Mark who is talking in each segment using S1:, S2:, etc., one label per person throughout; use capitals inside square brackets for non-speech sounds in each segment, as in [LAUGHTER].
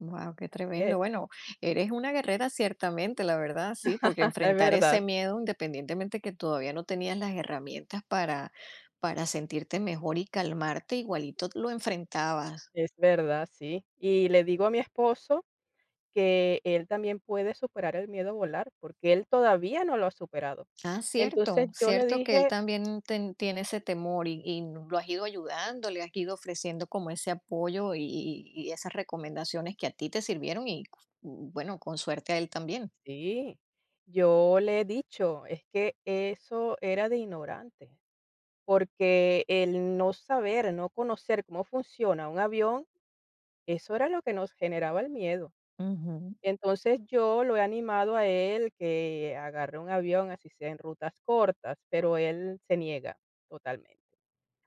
S1: Guau, qué
S2: Así es.
S1: tremendo. Bueno, eres una guerrera ciertamente, la verdad, sí, porque
S2: [CHUCKLES] Es
S1: enfrentar ese
S2: verdad.
S1: miedo, independientemente que todavía no tenías las herramientas para para sentirte mejor y calmarte, igualito t lo enfrentabas.
S2: Es verdad, sí. Y le digo a mi esposo que él también puede superar el miedo a volar, porque él todavía no lo ha superado.
S1: Ah,
S2: Entonces,
S1: cierto
S2: yo le
S1: cierto que él
S2: dije
S1: también ten tiene ese temor y ¿y lo has ido ayudando?, ¿le has ido ofreciendo como ese apoyo y y y esas recomendaciones que a ti te sirvieron?, y, bueno, con suerte a él también.
S2: sí, yo le he dicho, es que eso era de ignorante, porque el no saber, no conocer cómo funciona un avión, eso era lo que nos generaba el miedo.
S1: Ujú.
S2: Entonces, yo lo he animado a él, que agarre un avión, así sea en rutas cortas, pero él se niega totalmente.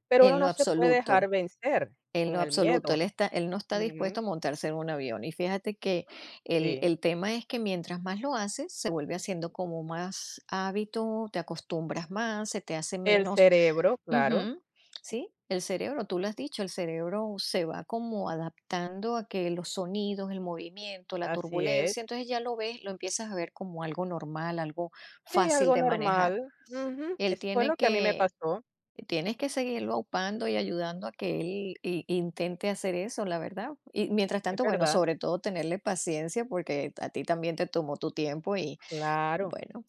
S2: Pero uno
S1: En lo
S2: no se puede dejar
S1: absoluto,
S2: vencer
S1: en lo
S2: con el
S1: absoluto,
S2: miedo.
S1: él está él no está dispuesto a
S2: Ujú.
S1: montarse en un avión. Y fíjate que el
S2: Sí.
S1: el tema es que mientras más lo haces, se vuelve haciendo como más hábito, te acostumbras más, se te hace
S2: El
S1: menos
S2: cerebro, claro.
S1: ujú, sí, el cerebro tú lo has dicho, el cerebro se va como adaptando a que los sonidos, el movimiento, la
S2: Así es.
S1: turbulencia, entonces ya lo ves, lo empiezas a ver como algo normal, algo
S2: Sí,
S1: fácil
S2: algo
S1: de manejar.
S2: normal, ujú,
S1: Él
S2: eso fue
S1: tiene
S2: lo que a mí me
S1: que
S2: pasó.
S1: tienes que seguirlo upando y ayudando a que él i intente hacer eso, la verdad, y mientras
S2: Es
S1: tanto bueno,
S2: verdad.
S1: sobre todo tenerle paciencia, porque a ti también te tomó tu tiempo y,
S2: Claro.
S1: bueno,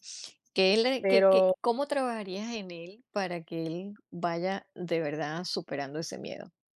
S1: que le que que
S2: Pero.
S1: ¿cómo trabajarías en él para que él vaya de verdad superando ese miedo?